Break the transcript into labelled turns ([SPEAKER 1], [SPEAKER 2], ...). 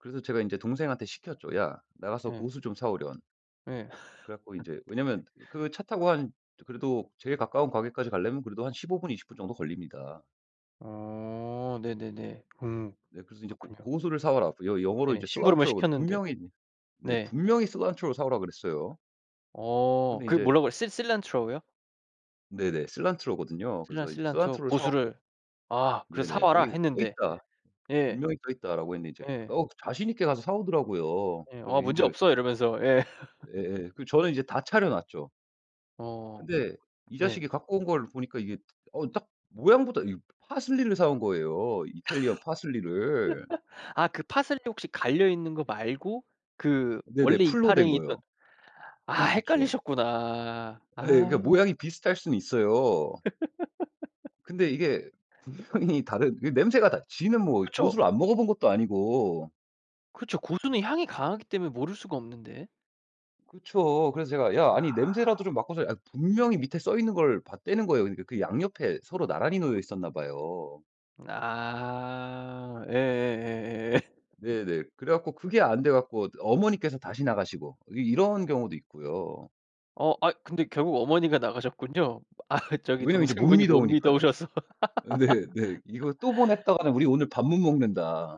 [SPEAKER 1] 그래서 제가 이제 동생한테 시켰죠. "야, 나가서
[SPEAKER 2] 예.
[SPEAKER 1] 고수 좀 사 오련."
[SPEAKER 2] 예.
[SPEAKER 1] 그래갖고 이제 왜냐면 그 차 타고 한 그래도 제일 가까운 가게까지 가려면 그래도 한 15 분, 20 분 정도 걸립니다.
[SPEAKER 2] 어 네네네. 음
[SPEAKER 1] 네, 그래서 이제 "고
[SPEAKER 2] 그렇군요.
[SPEAKER 1] 고수를 사와라." 여 영어로
[SPEAKER 2] 네.
[SPEAKER 1] 이제
[SPEAKER 2] 심부름을
[SPEAKER 1] cilantro.
[SPEAKER 2] 시켰는데.
[SPEAKER 1] 분명히 네,
[SPEAKER 2] 네.
[SPEAKER 1] 분명히 cilantro 사 오라고 그랬어요.
[SPEAKER 2] 어
[SPEAKER 1] 근데
[SPEAKER 2] 그
[SPEAKER 1] 인제
[SPEAKER 2] 뭐라고요? Cil cilantro 요?
[SPEAKER 1] 네네. cilantro 거든요.
[SPEAKER 2] "Cilan
[SPEAKER 1] 그래서 이제
[SPEAKER 2] cilantro
[SPEAKER 1] cilantro 사 오게
[SPEAKER 2] 고수를 아 그래. 사
[SPEAKER 1] 네네.
[SPEAKER 2] 와라."
[SPEAKER 1] "거기 써
[SPEAKER 2] 했는데.
[SPEAKER 1] 있다.
[SPEAKER 2] 예.
[SPEAKER 1] 분명히 써 있다."라고 했는데. 이제
[SPEAKER 2] 네.
[SPEAKER 1] 어 자신 있게 가서 사 오더라고요.
[SPEAKER 2] 예.
[SPEAKER 1] 그래서
[SPEAKER 2] "어 문제
[SPEAKER 1] 인제
[SPEAKER 2] 없어." 이러면서. 예.
[SPEAKER 1] 예예. 그 저는 이제 다 차려 놨죠.
[SPEAKER 2] 어
[SPEAKER 1] 근데 이
[SPEAKER 2] 네.
[SPEAKER 1] 자식이 갖고 온 걸 보니까 이게 어 딱 모양부터 이 파슬리를 사 온 거예요. 이탈리안 파슬리를.
[SPEAKER 2] 아 그 파슬리 혹시 갈려있는 거 말고 그
[SPEAKER 1] 네네.
[SPEAKER 2] 원래
[SPEAKER 1] 풀로 된
[SPEAKER 2] 이파리 있던
[SPEAKER 1] 거예요.
[SPEAKER 2] 아
[SPEAKER 1] 그쵸.
[SPEAKER 2] 헷갈리셨구나.
[SPEAKER 1] 예예. 그
[SPEAKER 2] 아.
[SPEAKER 1] 모양이 비슷할 수는 있어요. 근데 이게 분명히 다른 그 냄새가 다 지는 뭐
[SPEAKER 2] 그쵸.
[SPEAKER 1] 고수를 안 먹어 본 것도 아니고.
[SPEAKER 2] 그쵸. 고수는 향이 강하기 때문에 모를 수가 없는데.
[SPEAKER 1] 그쵸. 그래서 제가 "야 아니 냄새라도
[SPEAKER 2] 아.
[SPEAKER 1] 좀 맡고서" 아 분명히 밑에 써 있는 걸 봤다는 거예요. 그러니까 그 양 옆에 서로 나란히 놓여 있었나 봐요.
[SPEAKER 2] 아 예예예예.
[SPEAKER 1] 네네. 그래갖고 그게 안 돼 갖고 어머니께서 다시 나가시고 이 이런 경우도 있고요.
[SPEAKER 2] 어 아이 근데 결국 어머니가 나가셨군요. 아 저기
[SPEAKER 1] 왜냐하면 이제 못
[SPEAKER 2] 동생분이 못
[SPEAKER 1] 미더우니까요.
[SPEAKER 2] 미더우셔서.
[SPEAKER 1] 네네. '이거 또 보냈다가는 우리 오늘 밥 못 먹는다.'